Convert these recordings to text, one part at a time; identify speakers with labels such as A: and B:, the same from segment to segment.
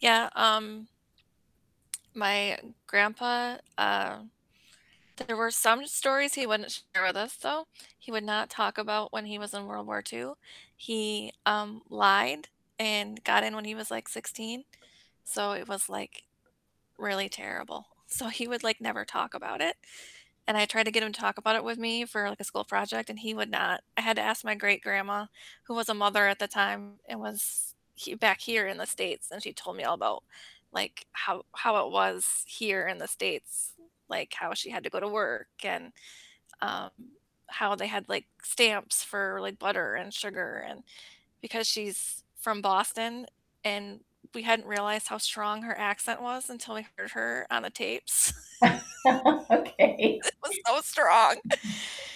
A: Yeah, um my grandpa, uh, there were some stories he wouldn't share with us, though. He would not talk about when he was in World War II. He, um, lied and got in when he was, like 16, so it was, like really terrible. So he would, like never talk about it, and I tried to get him to talk about it with me for, like a school project, and he would not. I had to ask my great-grandma, who was a mother at the time and was he back here in the States, and she told me all about, like how how it was here in the States. Like, how she had to go to work and, um, how they had, like stamps for, like butter and sugar and because she's from Boston, and we hadn't realized how strong her accent was until we heard her on the tapes.
B: Okay.
A: It was so strong.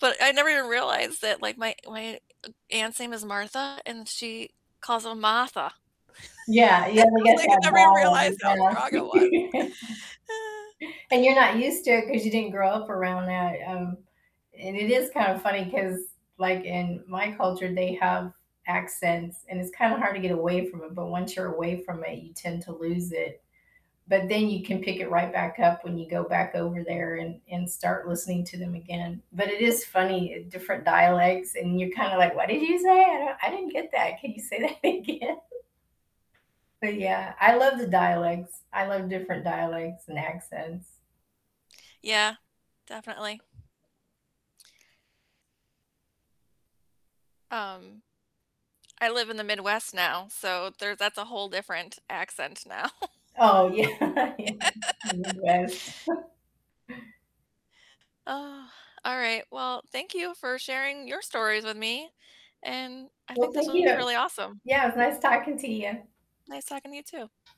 A: But I never even realized that, like my my aunt's name is Martha, and she calls her Martha.
B: Yeah, you
A: I
B: have to
A: was
B: get
A: like, I
B: that
A: never even
B: ball and you
A: realized how strong it was.
B: gotta And you're not used to it, 'cause you didn't grow up around that. Um, and it is kind of funny, 'cause, like, in my culture, they have accents, and it's kinda hard to get away from it, but once you're away from it, you tend to lose it. But then you can pick it right back up when you go back over there and and start listening to them again. But it is funny, uh, different dialects, and you're kinda like, "What did you say? I don't I didn't get that. Can you say that again?" But yeah, I love the dialects. I love different dialects and accents.
A: Yeah, definitely. Um, I live in the Midwest now, so there's that's a whole different accent now.
B: Oh, yeah. Yeah, the Midwest.
A: All right, well, thank you for sharing your stories with me, and I
B: Well,
A: think this
B: thank
A: was
B: you,
A: really awesome.
B: yeah, it was nice talking to you.
A: Nice talking to you, too.